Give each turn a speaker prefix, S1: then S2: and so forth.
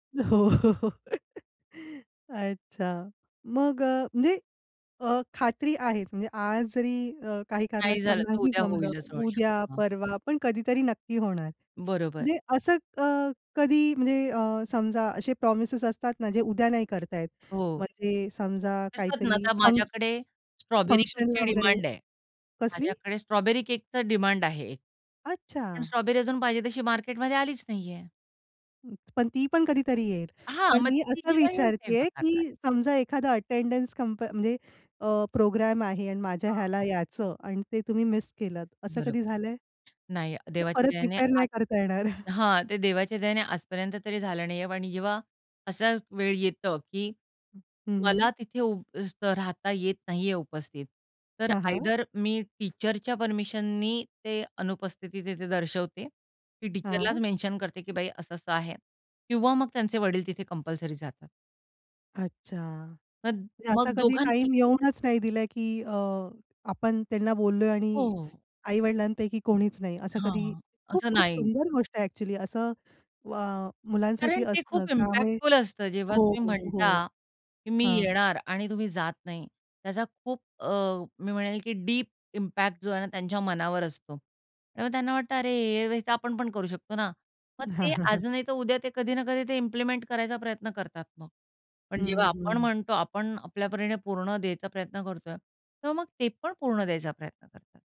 S1: हो. अच्छा. मग अ, म्हणजे अ, खात्री आहे म्हणजे आज जरी अ, काही
S2: नाही
S1: कारणास्तव
S2: झालं तर
S1: नाही
S2: उद्या
S1: जमलं,
S2: होईलच, होईल.
S1: उद्या,
S2: हं.
S1: परवा पण कधीतरी नक्की होणार.
S2: बरोबर.
S1: म्हणजे असं अ, कधी म्हणजे अ, समजा असे प्रॉमिसेस असतात ना, जे उद्या नाही करतायेत.
S2: हो.
S1: म्हणजे समजा
S2: असतात ना.
S1: काहीतरी
S2: आता
S1: फंक्शन
S2: माझ्याकडे स्ट्रॉबेरी केकची
S1: फंक्शनला वगैरे.
S2: डिमांड आहे.
S1: कसली?
S2: माझ्याकडे स्ट्रॉबेरी केकच डिमांड आहे. पण
S1: अच्छा.
S2: स्ट्रॉबेरी अजून पाहिजे तशी मार्केटमध्ये आलीच नाहीये.
S1: हं. पण ती पण कधीतरी येईल.
S2: हां,
S1: पण
S2: मग
S1: मी
S2: ती
S1: असं
S2: जेव्हा येईल तेव्हा
S1: विचारतीये,
S2: करणार.
S1: की समजा एखादा अटेंडन्स कम्प म्हणजे अ, प्रोग्राम आहे आणि माझ्या ह्याला
S2: हां.
S1: यायचं आणि ते तुम्ही मिस केलत असं कधी
S2: बरोबर.
S1: झालंय?
S2: नाही,
S1: ते
S2: देवाच्या
S1: परत
S2: दयाने
S1: रिपेअर
S2: आज
S1: नाही करता येणार.
S2: हां, ते देवाच्या दयाने आजपर्यंत तरी झालं नाहीये आणि जेव्हा असं वेळ येतं, की
S1: हं. हं, हं.
S2: मला तिथे उभं राहता येत नाहीये उपस्थित. तर
S1: हां, हां.
S2: आयदर मी टीचरच्या परमिशननी ते अनुपस्थिती तिथे दर्शवते. की टीचरलाच
S1: हां.
S2: मेन्शन करते, की बाई असं-असं आहे किंवा मग त्यांचे वडील तिथे कंपल्सरी जातात.
S1: अच्छा.
S2: पण
S1: म्हणजे असा
S2: मग
S1: कधी टाईम
S2: दोघांपैकी एक.
S1: येऊनच नाही दिला, की अ, आपण त्यांना बोललोय
S2: हो,
S1: आणि
S2: हो.
S1: आई-वडिलांपैकी कोणीच नाही असं कधी
S2: हां. असं
S1: खूप-खूप
S2: नाही.
S1: सुंदर गोष्ट आहे ॲक्चुअली. असं अ,
S2: कारण
S1: मुलांसाठी
S2: ते
S1: असतं.
S2: खूप
S1: त्यामुळे
S2: इम्पॅक्टफुल असतं, जेव्हा
S1: हो,
S2: तुम्ही
S1: हो, हो.
S2: म्हणता, की मी
S1: हां.
S2: येणार आणि तुम्ही जात नाही. त्याचा खूप अ, मी म्हणेल की डीप इम्पॅक्ट जो आहे ना, त्यांच्या मनावर असतो. त्यामुळे त्यांना वाटतं, "अरे, हे तर आपण पण करू शकतो ना." मग ते आज नाही तर उद्या, ते कधी ना कधी ते इम्प्लिमेंट करायचा प्रयत्न करतात मग. पण
S1: हं,
S2: जेव्हा आपण
S1: हं.
S2: म्हणतो, आपण आपल्या परीने पूर्ण द्यायचा प्रयत्न करतोय. तेव्हा मग ते पण पूर्ण द्यायचा प्रयत्न करतात.